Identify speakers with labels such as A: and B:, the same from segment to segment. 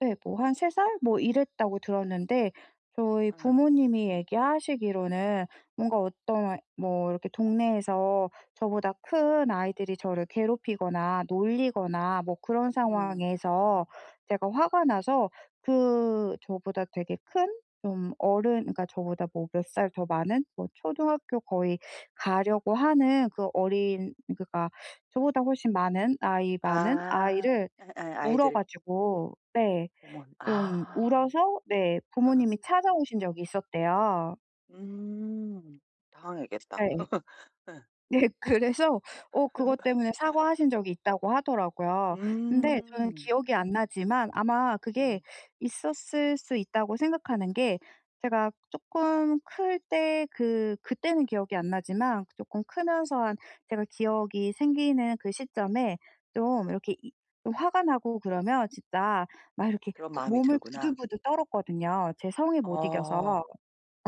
A: 네 뭐 한 3 살 뭐 이랬다고 들었는데 저희
B: 예.
A: 부모님이 얘기 하시기로는 뭔가 어떤 뭐 이렇게 동네에서 저보다 큰 아이들이 저를 괴롭히거나 놀리거나 뭐 그런
B: 음.
A: 상황에서 제가 화가 나서 그 저보다 되게 큰 좀 어른 그러니까 저보다 뭐 몇 살 더 많은 뭐 초등학교 거의 가려고 하는 그 어린 그러니까 저보다 훨씬 많은 나이 많은
B: 아.
A: 아이를
B: 예예.
A: 물어
B: 아이들.
A: 가지고 네.
B: 어먼
A: 좀
B: 아.
A: 울어서 네.
B: 어.
A: 부모님이 찾아오신 적이 있었대요.
B: 음. 당황했겠다.
A: 예.
B: 예.
A: 네. 그래서 어 그것 때문에 사과하신 적이 있다고 하더라고요. 근데 저는
B: 음.
A: 기억이 안 나지만 아마 그게
B: 음.
A: 있었을 수 있다고 생각하는 게 제가 쪼끔 클 때 그 그때는 기억이 안 나지만 쪼끔 크면서 한 제가 기억이 생기는 그 시점에 좀 이렇게 이 화가 나고 그러면 진짜 막 이렇게
B: 그런
A: 부
B: 마음이
A: 몸을
B: 들구나.
A: 부들부들 떨었거든요 제 성에 못 이겨서.
B: 어.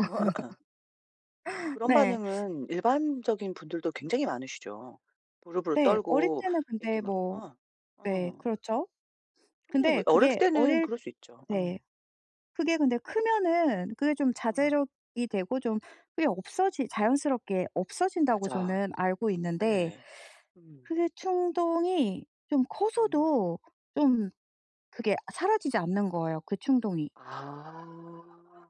B: 어허예. 그런
A: 네.
B: 반응은 일반적인 분들도 굉장히 많으시죠. 무릎을
A: 네. 어릴
B: 떨고
A: 때는
B: 이렇게
A: 근데
B: 막
A: 뭐
B: 어.
A: 네
B: 어.
A: 그렇죠.
B: 충분히 그
A: 근데
B: 어렸을
A: 그게
B: 때는
A: 어릴
B: 그럴 수 있죠. 어.
A: 네. 그게 근데 크면은 그게 좀
B: 어.
A: 자제력이 되고 좀 그게 없어지 자연스럽게 없어진다고
B: 맞아.
A: 저는 알고 있는데
B: 예. 음.
A: 그게 충동이 좀
B: 음.
A: 커서도 좀 그게 사라지지 않는 거예요 그 충동이.
B: 아.